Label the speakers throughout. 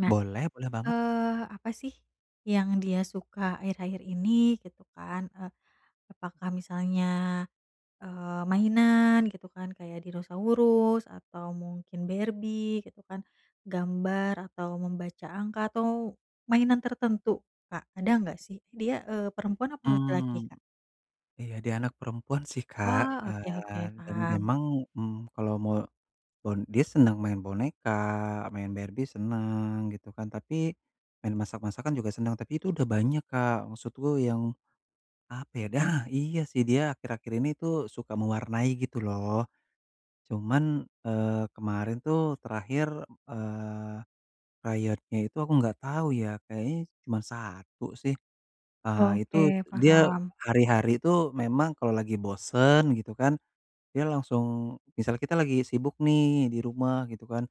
Speaker 1: Nah,
Speaker 2: Boleh, boleh banget.
Speaker 1: eee, apa sih yang dia suka akhir-akhir ini? Gitu kan, eee, apakah misalnya, eee, mainan gitu kan, kayak dinosaurus, atau mungkin Barbie, gitu kan gambar atau membaca angka atau mainan tertentu Kak, ada gak sih? Dia, eee, perempuan apa laki-laki
Speaker 2: Mmm,
Speaker 1: Kak?
Speaker 2: iya dia anak perempuan sih Kak
Speaker 1: Wah, oke oke
Speaker 2: kan, dan
Speaker 1: paham.
Speaker 2: memang, mmm, kalau me bon dia senang main boneka, main Barbie seneng gitu kan, tapi main masak-masakan juga senang tapi itu udah banyak Kak maksudku yang apa ya, nah! Iya sih dia akhir-akhir ini tuh suka mewarnai gitu loh. Cuman, eee, kemarin tuh terakhir, eee, krayonnya itu aku enggak tahu ya kayaknya cuman 1 sih, eee, itu
Speaker 1: Oke,
Speaker 2: dia
Speaker 1: paham.
Speaker 2: hari-hari tuh memang kalau lagi bosen gitu kan, dia langsung misal kita lagi sibuk nih di rumah gitu kan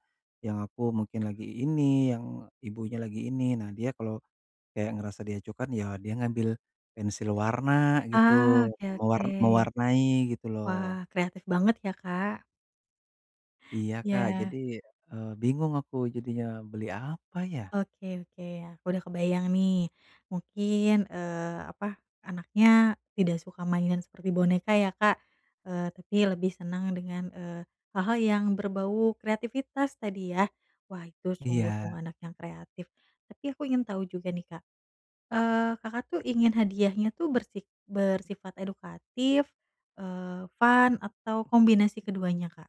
Speaker 2: yang aku mungkin lagi ini, yang ibunya lagi ini, nah dia kalau kayak ngerasa diacuhkan ya dia ngambil pensil warna gitu,
Speaker 1: Ah oke oke.
Speaker 2: mewar mewarnai gitu
Speaker 1: Wah,
Speaker 2: loh.
Speaker 1: kreatif banget ya Kak.
Speaker 2: Iya Kak
Speaker 1: Ya.
Speaker 2: jadi, eee, bingung aku jadinya beli apa ya?
Speaker 1: Oke oke, ya aku udah kebayang nih mungkin, eee, apa anaknya tidak suka mainan seperti boneka ya Kak, eee, tapi lebih seneng dengan, eee, hal-hal yang berbau kreatifitas tadi ya, wah itu sungguh-sungguh
Speaker 2: Iya.
Speaker 1: anak yang kreatif, tapi aku ingin tahu juga nih Kak, eee, Kakak tuh ingin hadiahnya tuh bersi bersifat edukatif, eee, fun atau kombinasi keduanya Kak?